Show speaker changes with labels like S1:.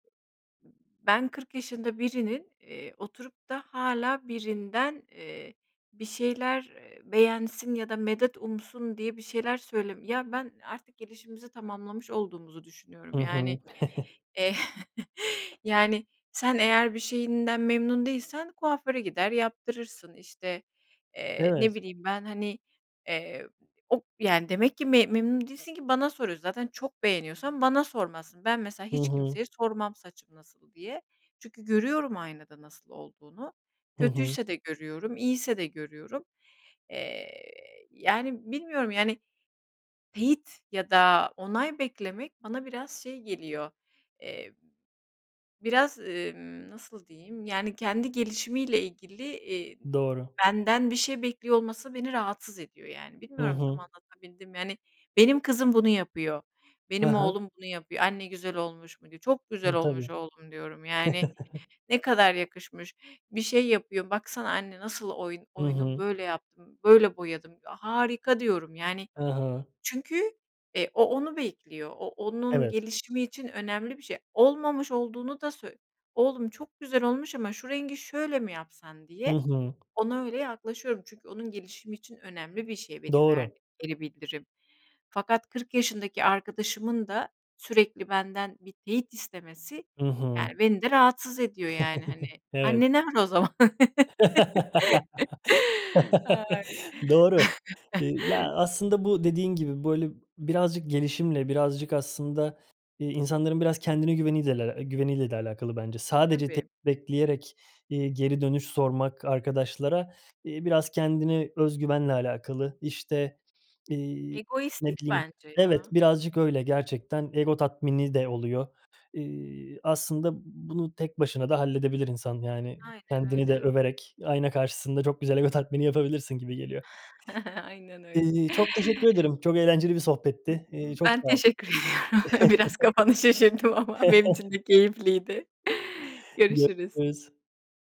S1: Ben 40 yaşında birinin, eee, oturup da hâlâ birinden, eee, bir şeyler, eee, beğensin ya da medet umsun diye bir şeyler söyleme Ya, ben artık gelişimimizi tamamlamış olduğumuzu
S2: Hı
S1: düşünüyorum.
S2: hı.
S1: Yani, eee, yani sen eğer bir şeyinden memnun değilsen kuaföre gider yaptırırsın, işte, eee, ne
S2: Evet.
S1: bileyim ben, hani, eee, o yani demek ki m memnun değilsin ki bana soruyorsun. Zaten çok beğeniyorsan bana sormazsın. Ben mesela
S2: Hı
S1: hiç
S2: hı.
S1: kimseye sormam saçım nasıl diye çünkü görüyorum aynada nasıl olduğunu,
S2: Hı hı.
S1: kötüyse de görüyorum, iyiyse de görüyorum. Eee, yani, bilmiyorum yani, teyit ya da, onay beklemek bana biraz şey geliyor, eee, biraz, emm, nasıl diyeyim, yani kendi gelişimiyle ilgili, eee,
S2: Doğru.
S1: benden bir şey bekliyor olması beni rahatsız ediyor, yani.
S2: I
S1: Bilmiyorum, tam
S2: hı.
S1: anlatabildim mi? Yani benim kızım bunu yapıyor,
S2: Ha
S1: benim
S2: ha.
S1: oğlum bunu yapıyor, "Anne güzel olmuş mu?" diyor. "Çok güzel
S2: Hı,
S1: olmuş
S2: tabii.
S1: oğlum." diyorum. Yani, ne kadar yakışmış. Bir şey yapıyor, "Baksana anne, nasıl oyun
S2: Hı
S1: oyunum?
S2: hı.
S1: Böyle yaptım, böyle boyadım." diyor, "Harika!" diyorum. Yani
S2: Ha ha.
S1: çünkü e, o, onu bekliyor, o onun
S2: Evet.
S1: gelişimi için önemli bir şey. Olmamış olduğunu da söy "Oğlum, çok güzel olmuş ama şu rengi şöyle mi yapsan?"
S2: Hı
S1: diye
S2: hı.
S1: ona öyle yaklaşıyorum. Çünkü onun gelişimi için önemli bir şey benim
S2: Doğru.
S1: verdiğim geri bildirim. Fakat 40 yaşındaki arkadaşımın da sürekli benden bir teyit istemesi
S2: Hı hı.
S1: yani beni de rahatsız ediyor, yani, hani,
S2: Evet.
S1: annene ver o zaman. Ay.
S2: Doğru. Eee, ya, aslında bu dediğin gibi, böyle, birazcık gelişimle, birazcık aslında, eee, insanların biraz kendine güveni deyle al güveniyle de alakalı bence. Sadece t
S1: Tabii.
S2: bekleyerek, eee, geri dönüş sormak arkadaşlara, eee, biraz kendine öz güvenle alakalı. İşte, eee, ne
S1: Egoistlik
S2: bileyim
S1: bence
S2: Evet,
S1: ya.
S2: birazcık öyle gerçekten, ego tatmini de oluyor. Eee, aslında b bunu tek başına da halledebilir insan yani
S1: Aynen
S2: kendini de
S1: öyle.
S2: överek ayna karşısında çok güzel ego tatmini yapabilirsin gibi geliyor.
S1: Aynen öyle.
S2: Eee, çok teşekkür ederim. Çok eğlenceli bir sohbetti. Eee, çok
S1: Ben
S2: sağ ol.
S1: teşekkür ediyorum. Biraz kafanı şişirdim ama benim için de keyifliydi.
S2: Gö
S1: Görüşürüz.
S2: rüz.